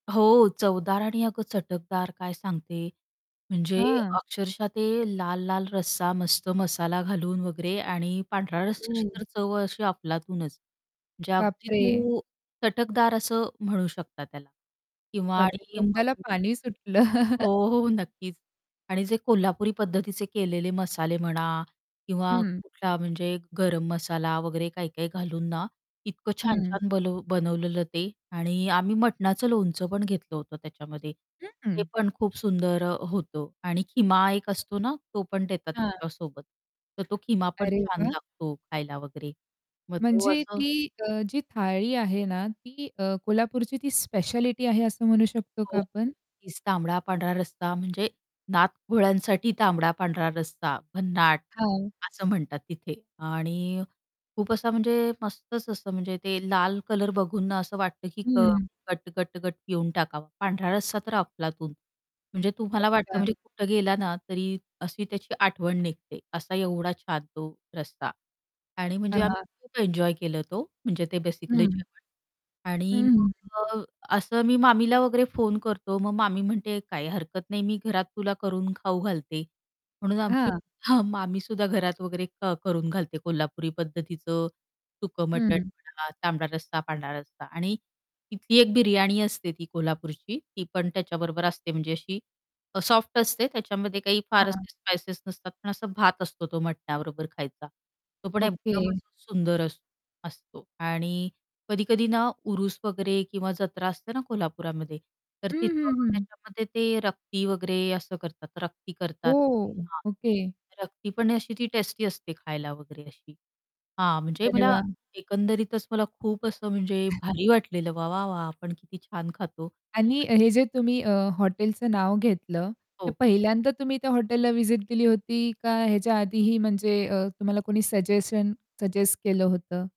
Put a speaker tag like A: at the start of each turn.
A: हो, चवदार आणि अगं चटकदार काय सांगते म्हणजे
B: हां.
A: अक्षरशः ते लाल-लाल रस्सा मस्त मसाला घालून वगैरे आणि पांढऱ्या रस्साची
B: ओह.
A: तर चव अशी अफलातूनच. म्हणजे अगदी
B: बापरे!
A: तू चटकदार असं म्हणू शकता त्याला किंवा
B: बापरे!
A: आणि
B: तोंडाला
A: [unintelligible]
B: पाणी सुटलं.
A: हो, हो, नक्कीच आणि जे कोल्हापुरी पद्धतीचे केलेले मसाले म्हणा किंवा
B: हं.
A: कुठला म्हणजे गरम मसाला वगैरे काही-काही घालून ना, इतकं
B: हं.
A: छान-छान बलू बनवलेलं ते आणि आम्ही मटणाचं लोणचं पण घेतलं होतं त्याच्यामध्ये,
B: हं, हं.
A: ते पण खूप सुंदर अ, होतं आणि खिमा एक असतो ना, तो पण देतात
B: हां.
A: त्याच्यासोबत. तर तो खिमा पण
B: अरे
A: छान
B: वाह!
A: लागतो खायला वगैरे, मग तो
B: म्हणजे
A: असं
B: ती अ, जी थाळी आहे ना, ती अ, कोल्हापूरची ती स्पेशालिटी आहे असं म्हणू शकतो का
A: हो,
B: आपण?
A: [unintelligible] तांबडा-पांढरा रस्सा म्हणजे नात घोळ्यांसाठी तांबडा-पांढरा रस्सा भन्नाट,
B: हां.
A: असं म्हणतात तिथे आणि खूप असा म्हणजे मस्तच असं म्हणजे ते लाल कलर बघून ना, असं वाटतं की क
B: हं.
A: गट, गट, गट पिऊन टाकावा. पांढरा रस्सा तर अफलातून. म्हणजे तुम्हाला वाटतं
B: अच्छा.
A: म्हणजे कुठं गेला ना, तरी अशी त्याची आठवण निघते, असा एवढा छान तो रस्सा आणि म्हणजे आम्ही
B: हां.
A: खूप एन्जॉय केलं तो म्हणजे ते बेसिकली
B: हं.
A: जेवण आणि
B: हं.
A: मग अ, असं मी मामीला वगैरे फोन करतो, मग मामी म्हणते, "काही हरकत नाही मी घरात तुला करून खाऊ घालते." म्हणून आमची
B: हां.
A: हां, मामी सुद्धा घरात वगैरे अ, करून घालते कोल्हापुरी पद्धतीचं सुकं मटण
B: हं.
A: म्हणा, तांबडा रस्सा पांढरा रस्सा आणि तिथली एक बिर्याणी असते ती कोल्हापूरची ती पण त्याच्याबरोबर असते म्हणजे अशी अ, सॉफ्ट असते त्याच्यामध्ये काही फार
B: हां.
A: असे स्पाइसेस नसतात पण असा भात असतो तो मटण्याबरोबर खायचा. तो पण
B: ओके.
A: एकदमच सुंदर अस असतो आणि कधी-कधी ना, उरुस वगैरे किंवा जत्रा असते ना, कोल्हापूरामध्ये तर
B: हं,
A: तिथं
B: हं, हं.
A: त्याच्यामध्ये ते रक्ती वगैरे असं करतात. रक्ती करतात ते
B: ओह!
A: हां,
B: ओके.
A: रक्ती पण अशी ती टेस्टी असते खायला वगैरे अशी हां, म्हणजे
B: अरे
A: मला
B: वाह!
A: एकंदरीतच मला खूप असं म्हणजे भारी वाटलेलं वाह! वाह! वाह! आपण किती छान खातो
B: आणि
A: आणि
B: हे जे तुम्ही अ, हॉटेलचं नाव घेतलं ते
A: हो.
B: पहिल्यांदा तुम्ही त्या हॉटेलला व्हिजिट दिली होती का ह्याच्या आधीही म्हणजे अ, तुम्हाला कोणी सजेशन सजेस्ट केलं होतं?